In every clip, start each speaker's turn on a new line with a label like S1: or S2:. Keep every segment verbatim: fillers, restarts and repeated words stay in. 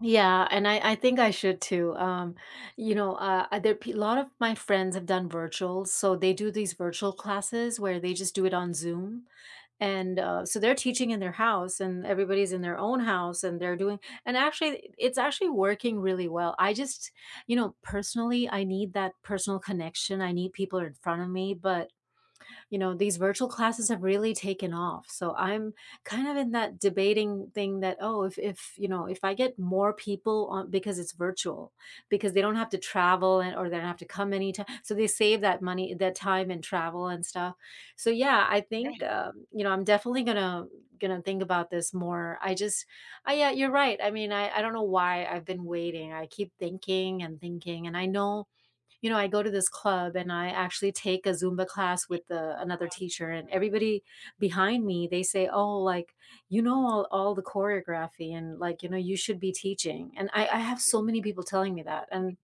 S1: Yeah, and I I think I should too, um you know, uh, other pe lot of my friends have done virtual, so they do these virtual classes where they just do it on Zoom, and, uh, so they're teaching in their house, and everybody's in their own house, and they're doing and actually it's actually working really well. I just you know, personally I need that personal connection, I need people in front of me, but, you know, these virtual classes have really taken off, so I'm kind of in that debating thing that, "Oh, if if you know, if I get more people on" Because it's virtual. Because they don't have to travel and or they don't have to come any ti so they save that money, that time and travel and stuff, so, yeah, I think,
S2: Right.
S1: um, you know, I'm definitely gonna gonna think about this more. I just I yeah, you're right, I mean, I I don't know why I've been waiting. I keep thinking and thinking and I know. You know, I go to this club and I actually take a Zumba class with, uh, another teacher and everybody behind me, they say, "Oh, like, you know, all all the choreography and like, you know, you should be teaching," and I I have so many people telling me that, and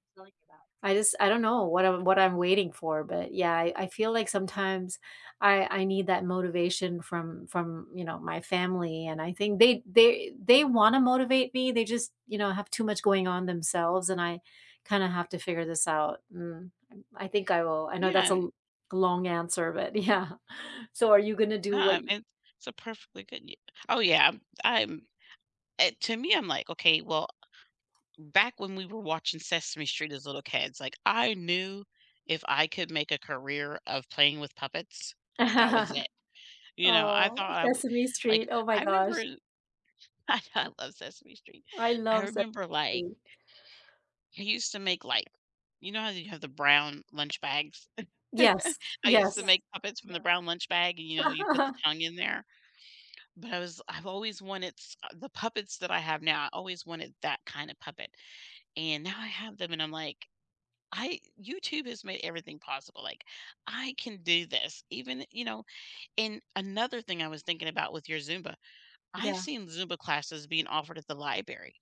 S1: I just I don't know what I'm what I'm waiting for, but yeah, I I feel like sometimes I I need that motivation from from, you know, my family, and I think they they they wanna motivate me; they just, you know, have too much going on themselves, and I kinda have to figure this out, mm, and I think I will. I know
S2: Yeah,
S1: that's a l
S2: an
S1: g long answer, but yeah. So, are you gonna do
S2: Na
S1: what
S2: em
S1: y
S2: and s it's a perfectly good yea Oh yeah, I'm I'm eh, to me, I'm like, "Okay, well" M Back when we were watching Sesame Street as little kids, like I knew, if I could make a career of playing with puppets, that was it. You know, I
S1: Oh,
S2: thought I wa
S1: Sesame
S2: like,
S1: Street, oh my
S2: I remember
S1: gosh.
S2: i I I love Sesame Street.
S1: I
S2: I
S1: love Se
S2: remember like
S1: Street.
S2: He used to make, like you know how you have the brown lunch bags?
S1: Yes,
S2: I used to
S1: yes.
S2: make puppets from the brown lunch bag, and, you know, you put the tongue in there, but I was I've always wanted s uh, the puppets that I have now, I always wanted that kinda puppet, and now I have them, and I'm like, "I YouTube has made everything possible, like, I can do this, even" you know, and another thing I was thinking about with your Zumba: I've
S1: Yeah.
S2: seen Zumba classes being offered at the liberry.